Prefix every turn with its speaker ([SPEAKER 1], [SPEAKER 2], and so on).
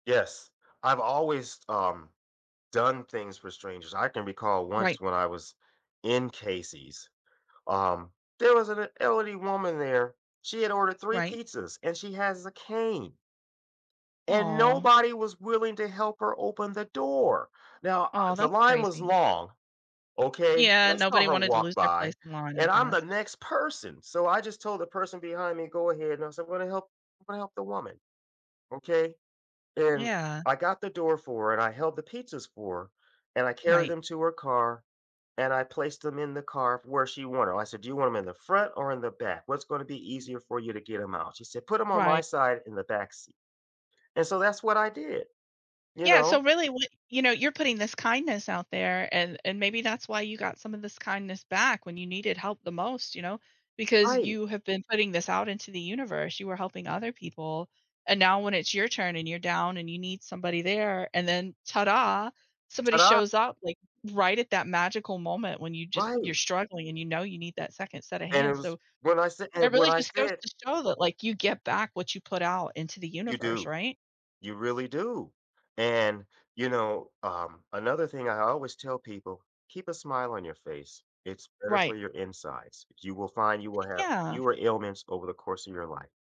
[SPEAKER 1] Yes, I've always, um, done things for strangers. I can recall once
[SPEAKER 2] Right.
[SPEAKER 1] when I was in Casey's, um, there was an e elderly woman there, she had ordered 3
[SPEAKER 2] Right.
[SPEAKER 1] pizzas and she has a cane and
[SPEAKER 2] Aw.
[SPEAKER 1] nobody was willing to help her open the door. Now, uh,
[SPEAKER 2] Oh,
[SPEAKER 1] the
[SPEAKER 2] that's
[SPEAKER 1] line was
[SPEAKER 2] crazy.
[SPEAKER 1] long, okay,
[SPEAKER 2] Yeah.
[SPEAKER 1] that's not
[SPEAKER 2] Nobody
[SPEAKER 1] her
[SPEAKER 2] wanted to
[SPEAKER 1] walk
[SPEAKER 2] lose their place
[SPEAKER 1] by
[SPEAKER 2] in line, I
[SPEAKER 1] and I'm the
[SPEAKER 2] guess.
[SPEAKER 1] next person so I just told the person behind me go ahead no, so I'm gonna help I'm gonna help the woman. Okay, and
[SPEAKER 2] Yeah.
[SPEAKER 1] I got the door for her and I held the pizzas for her and I carried
[SPEAKER 2] Right.
[SPEAKER 1] them to her car and I placed 'em in the car where she wanted, I said do you want 'em in the front or in the back, what's gonna be easier for you to get 'em out, she said put 'em on my
[SPEAKER 2] Right.
[SPEAKER 1] side in the back seat, and so that's what I did, you
[SPEAKER 2] Yeah.
[SPEAKER 1] know?
[SPEAKER 2] So really, w you know, you're putting this kindness out there and and maybe that's why you got some of this kindness back when you needed help the most, you know, because
[SPEAKER 1] Right.
[SPEAKER 2] you have been putting this out into the universe. You were helping other people and now when it's your turn and you're down and you need somebody there and then tada, somebody
[SPEAKER 1] Tada
[SPEAKER 2] shows up, like, right at that magical moment when you just
[SPEAKER 1] Right.
[SPEAKER 2] you're struggling and you know you need that second set of
[SPEAKER 1] And it
[SPEAKER 2] hands,
[SPEAKER 1] was
[SPEAKER 2] so
[SPEAKER 1] when I sa
[SPEAKER 2] it
[SPEAKER 1] and when
[SPEAKER 2] really
[SPEAKER 1] I
[SPEAKER 2] just goes
[SPEAKER 1] said
[SPEAKER 2] to show that, like, you get back what you put out into the
[SPEAKER 1] You
[SPEAKER 2] universe,
[SPEAKER 1] do.
[SPEAKER 2] right?
[SPEAKER 1] You really do. And, you know, um, another thing I always tell people, keep a smile on your face. It's better for
[SPEAKER 2] Right.
[SPEAKER 1] your insides. You will find you will have
[SPEAKER 2] Yeah.
[SPEAKER 1] fewer ailments over the course of your life.